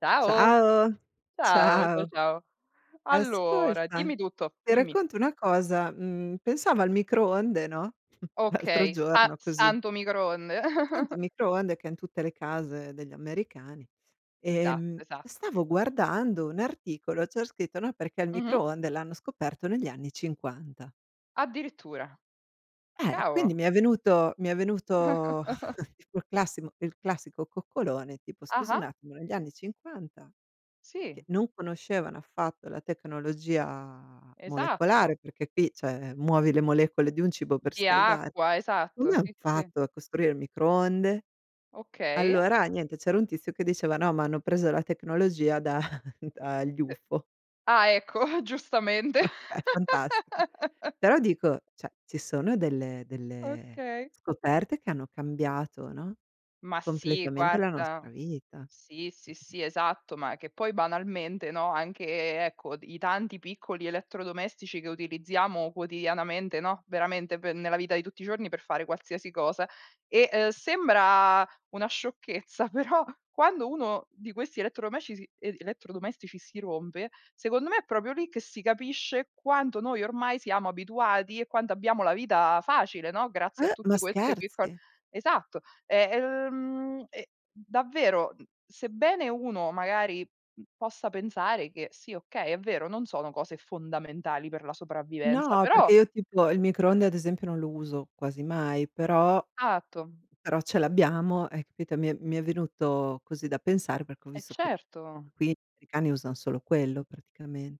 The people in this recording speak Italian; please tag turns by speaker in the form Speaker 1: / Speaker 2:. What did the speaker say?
Speaker 1: Ciao.
Speaker 2: Ciao.
Speaker 1: Ciao, ciao,
Speaker 2: Ciao.
Speaker 1: ciao. Allora
Speaker 2: Ascolta,
Speaker 1: dimmi tutto,
Speaker 2: ti
Speaker 1: dimmi.
Speaker 2: racconto una cosa: mhmm, pensavo al microonde, no, l'altro
Speaker 1: Okay, sa
Speaker 2: giorno così
Speaker 1: santo microonde.
Speaker 2: Santo microonde ch'è in tutte le case degli americani,
Speaker 1: Esatto,
Speaker 2: ehm,
Speaker 1: esatto.
Speaker 2: stavo guardando un articolo, c'era scritto no perché il
Speaker 1: Mh-mh.
Speaker 2: microonde l'hanno scoperto negli anni '50.
Speaker 1: Addirittura.
Speaker 2: Eh, e quindi
Speaker 1: Cavolo.
Speaker 2: mi è venuto mi è venuto tipo il classimo il classico coccolone, tipo: "Scusa un
Speaker 1: Ah-ah.
Speaker 2: attimo negli anni '50, che
Speaker 1: Sì.
Speaker 2: non conoscevano affatto la tecnologia
Speaker 1: Esatto.
Speaker 2: molecolare, perché qui cioè muovi le molecole di un cibo per
Speaker 1: Di
Speaker 2: scaldare,
Speaker 1: acqua, esatto.
Speaker 2: come han
Speaker 1: Sì, sì.
Speaker 2: fatto a costruire il microonde?"
Speaker 1: Okay.
Speaker 2: Allora niente, c'era un tizio che diceva: "No, ma hanno preso la tecnologia da dagli
Speaker 1: D
Speaker 2: ufo."
Speaker 1: ah ecco, giustamente.
Speaker 2: È fantastico. Però dico cioè ci sono delle delle
Speaker 1: Okay.
Speaker 2: scoperte che hanno cambiato, no,
Speaker 1: Ma sì,
Speaker 2: completamente la nostra
Speaker 1: guarda.
Speaker 2: vita.
Speaker 1: Sì, sì, sì, esatto. Ma che poi banalmente, no, anche e ecco, d i tanti piccoli elettrodomestici che utilizziamo quotidianamente, no, veramente pe nella vita di tutti i giorni per fare qualsiasi cosa. E, uhm, sembra una sciocchezza, però quando uno di questi elettrodomesci si e elettrodomestici si rompe secondo me è proprio lì che si capisce quanto noi ormai siamo abituati e quanto abbiamo la vita facile, no, grazie a
Speaker 2: Eh, ma
Speaker 1: tutte queste piccol
Speaker 2: scherzi?
Speaker 1: esatto, e ehm, e davvero, mhmm, sebbene uno magari, mhmm, possa pensare che, sì okay è vero non sono cose fondamentali per la sopravvivenza,
Speaker 2: No, perché
Speaker 1: però
Speaker 2: io tipo, il microonde ad esempio non lo uso quasi mai, però
Speaker 1: Atto.
Speaker 2: però ce l'abbiamo, hai capito; e mi è mi è venuto così da pensare perché ho
Speaker 1: E
Speaker 2: visto che
Speaker 1: certo.
Speaker 2: qui gli americani usan solo quello praticamen